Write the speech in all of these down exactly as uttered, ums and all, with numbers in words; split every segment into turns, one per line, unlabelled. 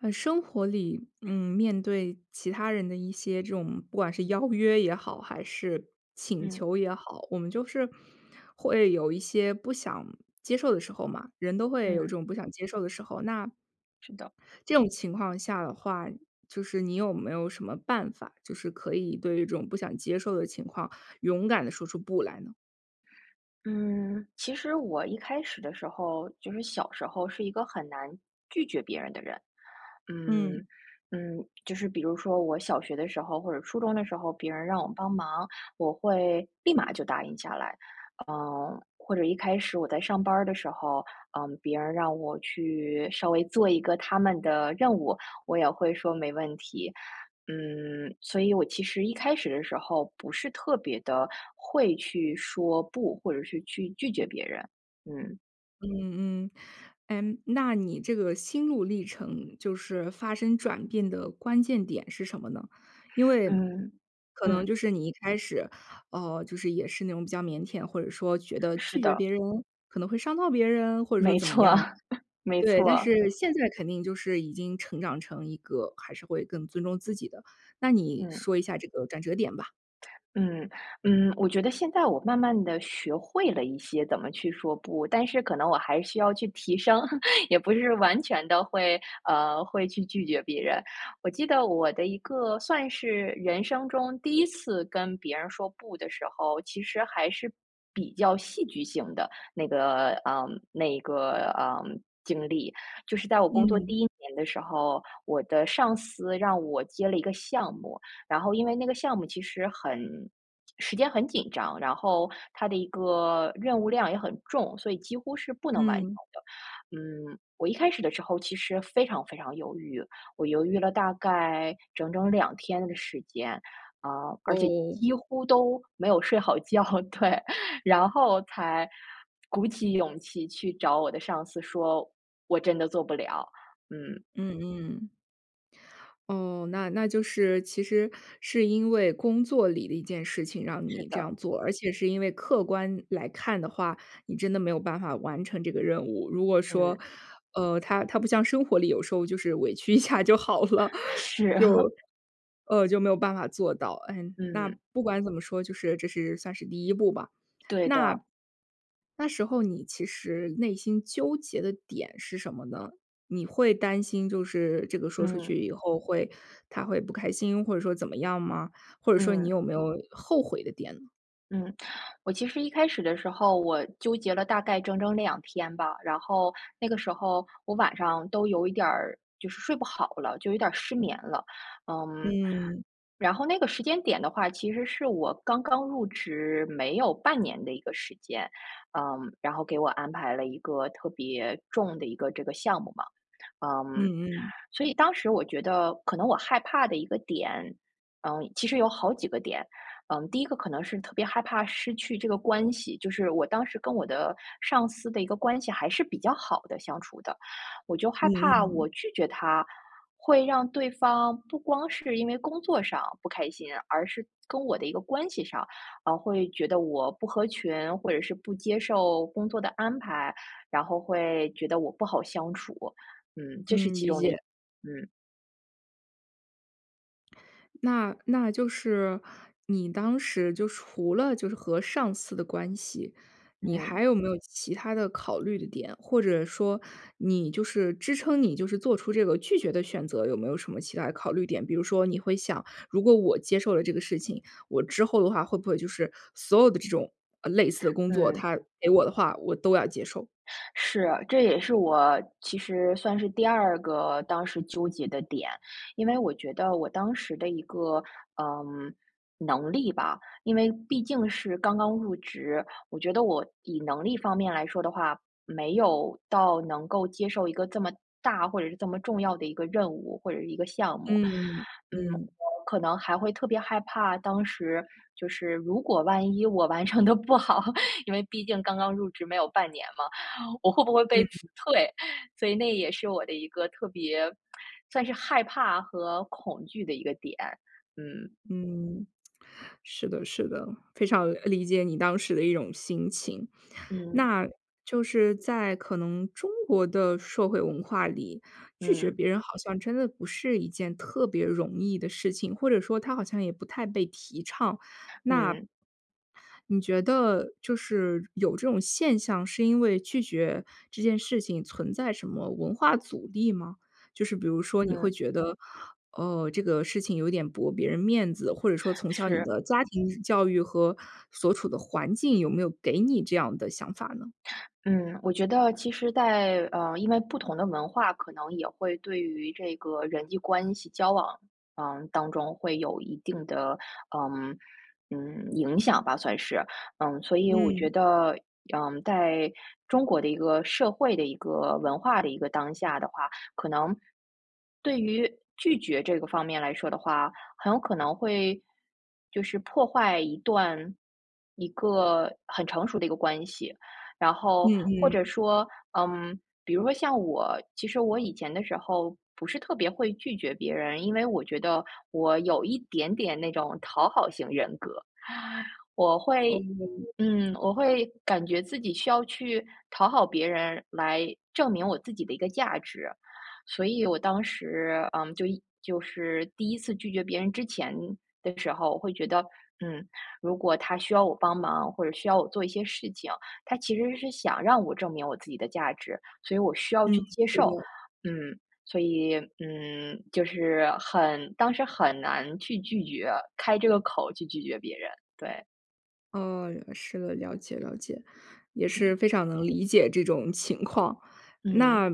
呃，生活里，嗯，面对其他人的一些这种不管是邀约也好，还是请
嗯。
求也好，我们就是会有一些不想接受的时候嘛，人都会有这
嗯。
种不想接受的时候。那
是的。
这种情况下的话，就是你有没有什么办法，就是可以对这种不想接受的情况勇敢地说出“不”来呢？
嗯，其实我一开始的时候，就是小时候是一个很难，拒绝别人的人。嗯，
嗯。
嗯，就是比如说我小学的时候或者初中的时候，别人让我帮忙，我会立马就答应下来。呃，或者一开始我在上班儿的时候，呃，别人让我去稍微做一个他们的任务，我也会说：“没问题。“嗯，所以我其实一开始的时候不是特别地会去说不，或者是去拒绝别人，嗯。
嗯嗯。诶，那你这个心路历程就是发生转变的关键点是什么呢？因为
嗯，
可能
嗯。
就是你一开始，呃，就是也是那种比较腼腆，或者说觉得
是
拒绝
的。
别人可能会伤到别人？或者说
没
怎么
错。
样。
没
对，但
错。
是现在肯定就是已经成长成一个还是会更尊重自己的，那你
嗯。
说一下这个转折点吧。
嗯，嗯，我觉得现在我慢慢地学会了一些怎么去说不，但是可能我还需要去提升，也不是完全地会，呃，会去拒绝别人。我记得我的一个算是人生中第一次跟别人说不的时候，其实还是比较戏剧性的，那个嗯，那个，嗯，经历。就是在我工作
嗯。
第一年的时候，我的上司让我接了一个项目，然后因为那个项目其实很时间很紧张，然后它的一个任务量也很重，所以几乎是不能完成
嗯。
的。嗯，我一开始的时候其实非常非常犹豫，我犹豫了大概整整两天的时间，呃，而且
哦。
几乎都没有睡好觉，对，然后才鼓起勇气去找我的上司说：“我真的做不了。”嗯。
嗯嗯。哦，那那就是其实是因为工作里的一件事情让
是
你这
的。
样做，而且是因为客观来看的话，你真的没有办法完成这个任务。如果说，
嗯。
呃，它它不像生活里，有时候就是委屈一下就好了，
是。
就，呃，就没有办法做到，嗯，那
嗯。
不管怎么说，就是这是算是第一步吧。
对
那
的。
那时候你其实内心纠结的点是什么呢？你会担心就是这个说出去
嗯。
以后会他会不开心，或者说怎么样吗？或者说你
嗯。
有没有后悔的点呢？
嗯，我其实一开始的时候我纠结了大概整整两天吧，然后那个时候我晚上都有一点儿就是睡不好了，就有点儿失眠了。嗯，
嗯。
然后那个时间点的话，其实是我刚刚入职没有半年的一个时间，嗯，然后给我安排了一个特别重的一个这个项目嘛。嗯，
嗯嗯。
所以当时我觉得可能我害怕的一个点，嗯，其实有好几个点，嗯，第一个可能是特别害怕失去这个关系，就是我当时跟我的上司的一个关系还是比较好的相处的。我就害
嗯
怕
嗯。
我拒绝他，会让对方不光是因为工作上不开心，而是跟我的一个关系上，啊，会觉得我不合群，或者是不接受工作的安排，然后会觉得我不好相处，嗯，这是
嗯，
其
理
中的
解。
一嗯。
那那就是你当时就除了就是和上司的关系，你
嗯。
还有没有其它的考虑的点，或者说你就是支撑你就是做出这个拒绝的选择，有没有什么其它的考虑点。比如说你会想：“如果我接受了这个事情，我之后的话会不会就是所有的这种，啊，类似的工作，
嗯。
他给我的话，我都要接受。”
是，这也是我其实算是第二个当时纠结的点。因为我觉得我当时的一个，呃，能力吧，因为毕竟是刚刚入职，我觉得我以能力方面来说的话，没有到能够接受一个这么大或者是这么重要的一个任务，或者是一个项目。
嗯。
嗯，
嗯。
可能还会特别害怕，当时就是如果万一我完成得不好，因为毕竟刚刚入职没有半年嘛，我会不会被辞
嗯。
退，所以那也是我的一个特别 算是害怕和恐惧的一个点，嗯。
嗯。是的是的，非常，理解你当时的一种心情。
嗯。
那就是在可能中国的社会文化里，拒绝
嗯。
别人好像真的不是一件特别容易的事情，或者说它好像也不太被提倡。那
嗯。
你觉得就是有这种现象是因为拒绝这件事情存在什么文化阻力吗？就是比如说你会
嗯。
觉得：”呃，这个事情有点驳别人面子。“或者说从小你
是。
的家庭教育和所处的环境，有没有给你这样的想法呢？
嗯，我觉得其实在呃，因为不同的文化可能也会对于这个人际关系交往，嗯，当中会有一定的，嗯，嗯，影响吧，算是，嗯，所以我
嗯。
觉得，嗯，在中国的一个社会的一个文化的一个当下的话，可能，对于拒绝这个方面来说的话，很有可能会，就是破坏一段一个很成熟的一个关系。然后
嗯
或者
嗯。
说，嗯，比如说像我，其实我以前的时候不是特别会拒绝别人，因为我觉得我有一点点那种讨好型人格。我会
哦。
嗯，我会感觉自己需要去讨好别人来证明我自己的一个价值，所以我当时，嗯，就一就是第一次拒绝别人之前的时候，我会觉得：“嗯，如果他需要我帮忙，或者需要我做一些事情，他其实是想让我证明我自己的价值，所以我需要
嗯。
去接
是
受。”
的。
嗯，所以，嗯，就是很当时很难去拒绝开这个口去拒绝别人，对。
哦，是的，了解了解，也
嗯。
是非常能理解这种情况。
嗯。
那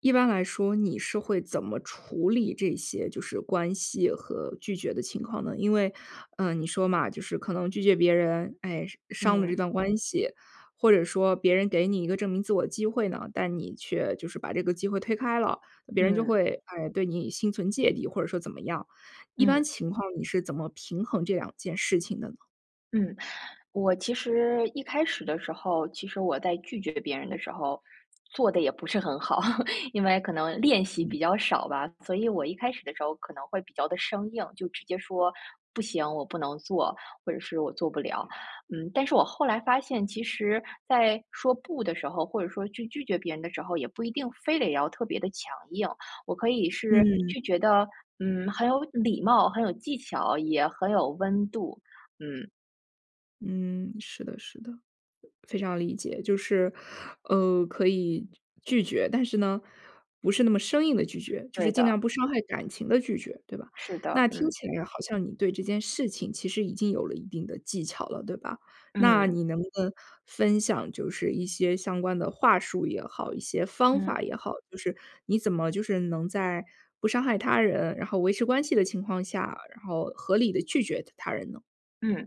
一般来说，你是会怎么处理这些，就是关系和拒绝的情况呢？因为，呃，你说嘛，就是可能拒绝别人，哎，伤伤了这
嗯。
段关系，或者说别人给你一个证明自我机会呢，但你却就是把这个机会推开了，别人就
嗯。
会，哎，对你心存芥蒂，或者说怎么样。一般
嗯。
情况你是怎么平衡这两件事情的呢？
嗯。我其实一开始的时候，其实我在拒绝别人的时候做得也不是很好。因为可能练习
嗯。
比较少吧，所以我一开始的时候可能会比较地生硬，就直接说：“不行，我不能做，“或者是”我做不了。”嗯，但是我后来发现，其实在说不的时候，或者说去拒绝别人的时候，也不一定非得要特别地强硬，我可以是
嗯。
拒绝得，嗯，很有礼貌、很有技巧，也很有温度。嗯。
嗯，是的是的，非常理解。就是，呃，可以拒绝，但是呢，不是那么生硬地拒绝，就是
对
尽
的。
量不伤害感情地拒绝，对吧？
是的，
那听
嗯。
起来好像你对这件事情其实已经有了一定的技巧了，对吧？那
嗯。
你能不能分享就是一些相关的话术也好、一些方
嗯。
法也好，就是你怎么就是能在不伤害他人，然后维持关系的情况下，然后合理地拒绝他他人呢？
嗯，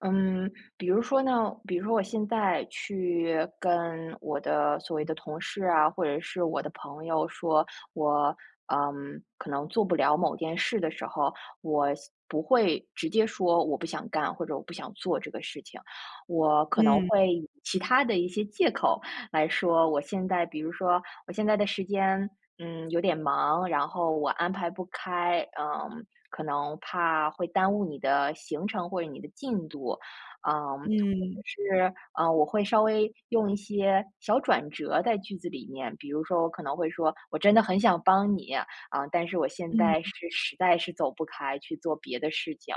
嗯。比如说呢比如说我现在去跟我的所谓的同事啊，或者是我的朋友说，我，嗯，可能做不了某件事的时候，我现不会直接说，我不想干，或者我不想做这个事情。我可能
嗯。
会以其它的一些借口来说，我现在比如说：“我现在的时间，嗯，有点忙，然后我安排不开，嗯，可能怕会耽误你的行程，或者你的进度。”嗯，或者
嗯。
是，嗯，我会稍微用一些小转折在句子里面，比如说我可能会说：“我真的很想帮你，啊，但是我现在
嗯。
是实在是走不开去做别的事情。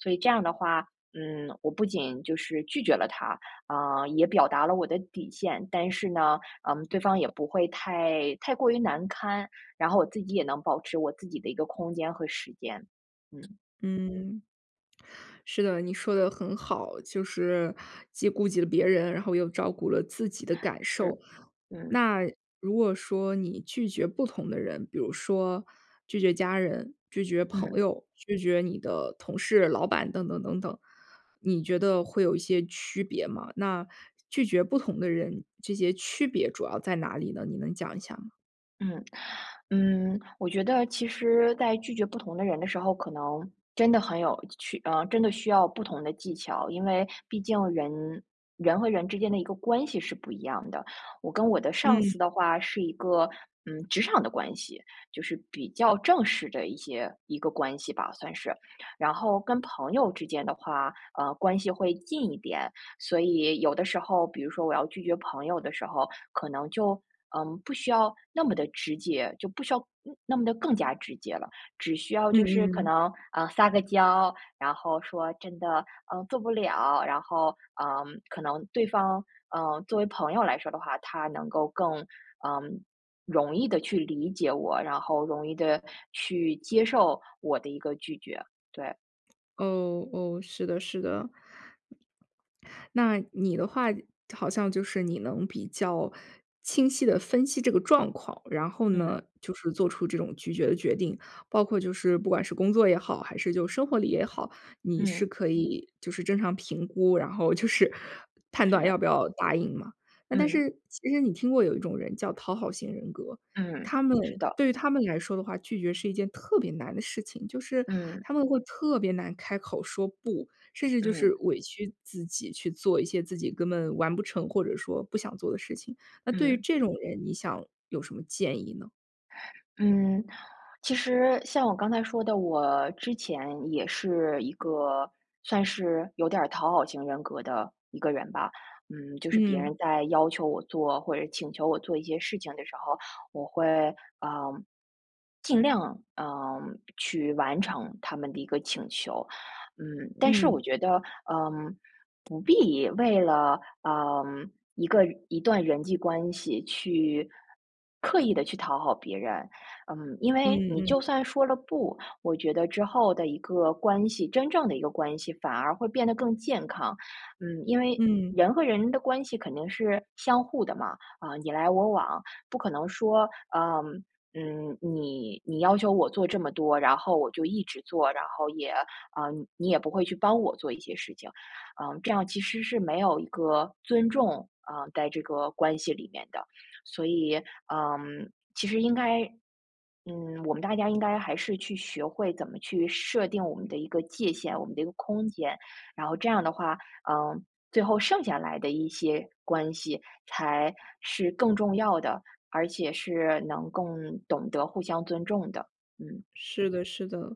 “所以这样的话，嗯，我不仅就是拒绝了他，啊，也表达了我的底线，但是呢，嗯，对方也不会太太过于难堪，然后我自己也能保持我自己的一个空间和时间。嗯。
嗯。是的，你说得很好，就是既顾及了别人，然后又照顾了自己的感受。
是。嗯。
那如果说你拒绝不同的人，比如说拒绝家人、拒绝朋
嗯。
友、拒绝你的同事、老板等等等等，你觉得会有一些区别吗？那拒绝不同的人，这些区别主要在哪里呢？你能讲一下吗？
嗯，嗯，我觉得其实在拒绝不同的人的时候，可能真的很有趣呃，真的需要不同的技巧，因为毕竟人人和人之间的一个关系是不一样的，我跟我的上司
嗯。
的话是一个，嗯，职场的关系，就是比较正式的一些一个关系吧，算是。然后跟朋友之间的话，呃，关系会近一点。所以有的时候，比如说我要拒绝朋友的时候，可能就，呃，不需要那么的直接就不需要嗯，那么地更加直接了，只需要
嗯
就是可
嗯。
能，呃，撒个娇，然后说真的，嗯，做不了，然后，嗯，可能对方，嗯，作为朋友来说的话，他能够更，呃，容易地去理解我，然后容易地去接受我的一个拒绝，对。
哦哦，是的是的。那你的话，好像就是你能比较清晰地分析这个状况，然后
嗯。
呢，就是做出这种拒绝的决定。包括就是不管是工作也好，还是就生活里也好，你是
嗯。
可以就是正常评估，然后就是判断
是。
要不要答应嘛。那但
嗯。
是其实你听过有一种人叫讨好型人格，
嗯，
他们
是的。
对于他们来说的话，拒绝是一件特别难的事情，就是
嗯。
他们会特别难开口说不，甚至就是
嗯。
委屈自己去做一些自己根本完不成或者说不想做的事情，那对于
嗯。
这种人，你想有什么建议呢？
嗯，其实像我刚才说的，我之前也是一个算是有点儿讨好型人格的一个人吧。嗯，就是别
嗯。
人在要求我做，或者请求我做一些事情的时候，我会，呃，尽量，呃，去完成他们的一个请求。嗯，但是我
嗯。
觉得，呃，不必为了，呃，一个一段人际关系去刻意地去讨好别人。嗯，因为
嗯
你就
嗯。
算说了不，我觉得之后的一个关系，真正的一个关系反而会变得更健康。嗯，因为
嗯。
人和人的关系肯定是相互的嘛，啊，你来我往。不可能说，呃，嗯，你你要求我做这么多，然后我就一直做，然后也呃，你也不会去帮我做一些事情。嗯，这样其实是没有一个尊重啊，在这个关系里面的。所以，嗯，其实应该嗯，我们大家应该还是去学会怎么去设定我们的一个界限，我们的一个空间。然后这样的话，嗯，最后剩下来的一些关系才是更重要的，而且是能更懂得互相尊重的，嗯。
是的是的，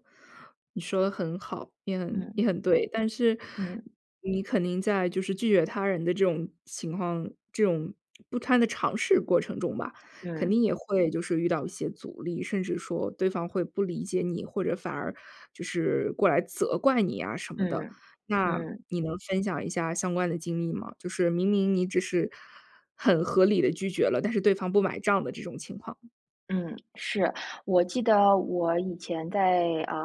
你说得很好，也很
嗯。
也很对。但是
嗯。
你肯定在就是拒绝他人的这种情况，这种不断地尝试过程中吧，肯定
嗯。
也会就是遇到一些阻力，甚至说对方会不理解你，或者反而就是过来责怪你呀什么的。
嗯，
那
嗯。
你能分享一下相关的经历吗？就是明明你只是很合理地拒绝了，但是对方不买账的这种情况。
嗯，是。我记得我以前在，呃，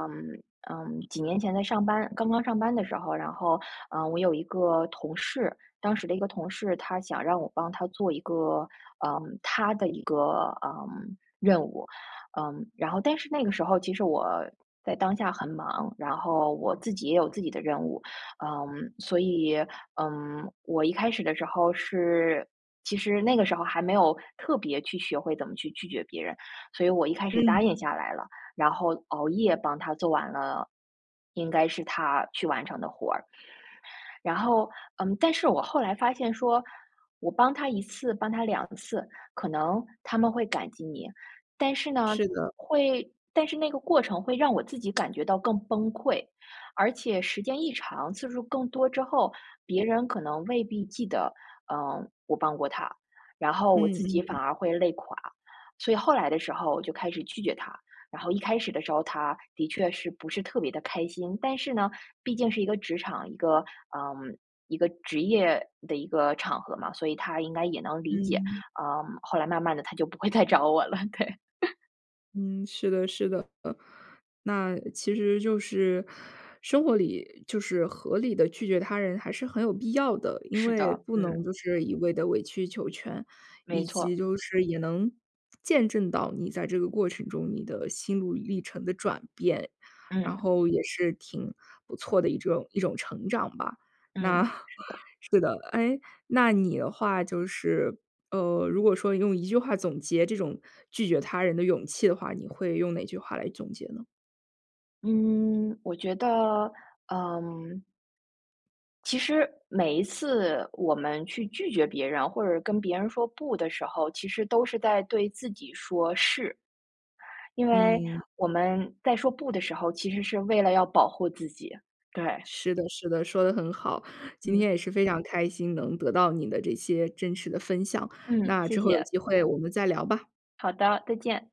呃，几年前在上班刚刚上班的时候，然后，呃，我有一个同事，当时的一个同事，他想让我帮他做一个，呃，他的一个，呃，任务。呃，然后但是那个时候，其实我在当下很忙，然后我自己也有自己的任务。呃，所以，嗯，我一开始的时候是其实那个时候还没有特别去学会怎么去拒绝别人，所以我一开始答应
嗯。
下来了，然后熬夜帮他做完了应该是他去完成的活儿。然后，嗯，但是我后来发现说，我帮他一次，帮他两次，可能他们会感激你。但是呢，
是的。
会但是那个过程会让我自己感觉到更崩溃，而且时间一长，次数更多之后，别人可能未必记得，呃，我帮过他。然后我
嗯
自己反
嗯。
而会累垮，所以后来的时候我就开始拒绝他，然后一开始的时候，他的确是不是特别地开心。但是呢，毕竟是一个职场，一个，呃，一个职业的一个场合嘛，所以他应该也能理解。
嗯。
呃，后来慢慢的他就不会再找我了，对。
嗯，是的是的。呃，那其实就是生活里就是合理地拒绝他人还是很有必要的，因
是
为
的，
不能
嗯。
就是一味地委曲求全，
没
以及
错。
就是也能见证到你在这个过程中你的心路历程的转变，然
嗯。
后也是挺不错的一种一种成长吧。那
嗯，是的。
是的，哎，那你的话就是，呃，如果说你用一句话总结这种拒绝他人的勇气的话，你会用哪句话来总结呢？
嗯，我觉得，呃其实每一次我们去拒绝别人，或者跟别人说不的时候，其实都是在对自己说是。因为
嗯。
我们在说不的时候，其实是为了要保护自己，对。
是的是的，说得很好。今
嗯。
天也是非常开心能得到你的这些真实的分享，
嗯，
那
谢
之后有
谢。
机会我们再聊吧。
好的，再见。